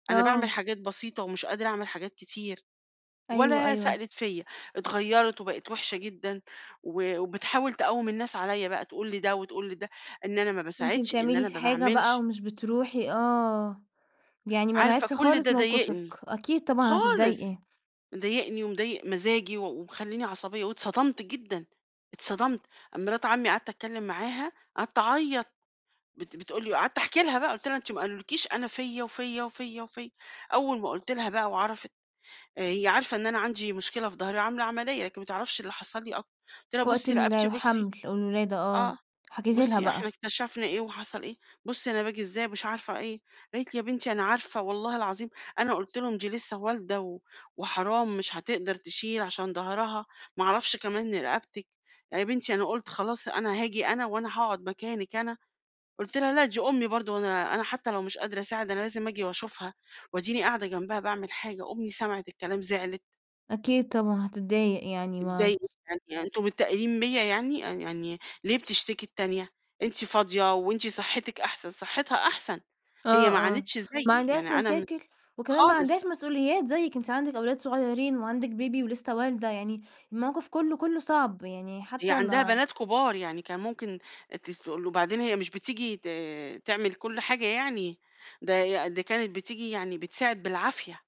أنا باعمل آه. حاجات بسيطة ومش قادرة أعمل حاجات كتير، أيوه، ولا أيوه. سألِت فيَّ. اتغيرت وبقِت وحشة جدًا و وبتحاول تقوِّم الناس عليَّ بقى تقول لده وتقول لده إن أنا ما أنتِ باساعدش، إن بتعملي أنا ما الحاجة بقى باعملش. ومش بتروحي، آه، يعني ما عارفة راعتش كل خالص ده موقفِك، ضايقني، أكيد طبعًا خالص! هتضايقي. مضايقني ومضايق مزاجي و ومخلّيني عصبية واتصدمت جدًا، اتصدمت، مرات عمي قعدت أتكلم معاها، قعدت أعيط بت بتقول لي وقعدت أحكي لها بقى قُلت لها: "أنت ما قالوا لكيش، أنا فيَّ وفيَّ وفيَّ وفيَّ." أول ما قُلت لها بقى وعرفِت، آآ هي عارفة إن أنا عندي مشكلة في ضهري وعاملة عملية، لكن ما تعرفش اللي حصل لي أ قُلت لها: وقت "بُصي رقبتي بُصي." الحمل والولادة، آه، آه، حكيتِ لها "بُصي إحنا بقى. اكتشفنا إيه وحصل إيه، بُصي أنا باجي إزاي." مش عارفة إيه. قالت لي: "يا بنتي أنا عارفة والله العظيم أنا قُلت لهم "دي لسة والدة و وحرام مش هتقدر تشيل عشان ضهرها،" ما أعرفش كمان رقبتِك يا بنتي أنا قُلت خلاص أنا هاجي أنا وأنا هاقعد مكانِك أنا." قُلت لها: "لا دي أمي برضه وأنا أنا حتى لو مش قادرة أساعد أنا لازم آجي وأشوفها وأديني قاعدة جنبها باعمل حاجة." أمي سمعِت الكلام زعلِت. أكيد طبعًا هتضايق يعني ما اتضايقت جدًا، يعني أنتم متّاقلين بيَّ يعني؟ يعني ليه بتشتكي التانية؟ أنتِ فاضية وأنتِ صحتِك أحسن، صحتها أحسن، آه، هي ما آه، عانتش زيي ما يعني عندهاش أنا م مشاكل وكمان ما خالص. عندهاش مسؤوليات زيِك، أنتِ عندِك أولاد صغيرين وعندِك بيبي ولسه والدة يعني الموقِف كلّه كلّه صعب، يعني هي حتى عندها ما بنات كبار، يعني كان ممكن تسل تقول وبعدين هي مش بتيجي ت تعمل كُل حاجة يعني، ده ده كانت بتيجي يعني بتساعد بالعافية.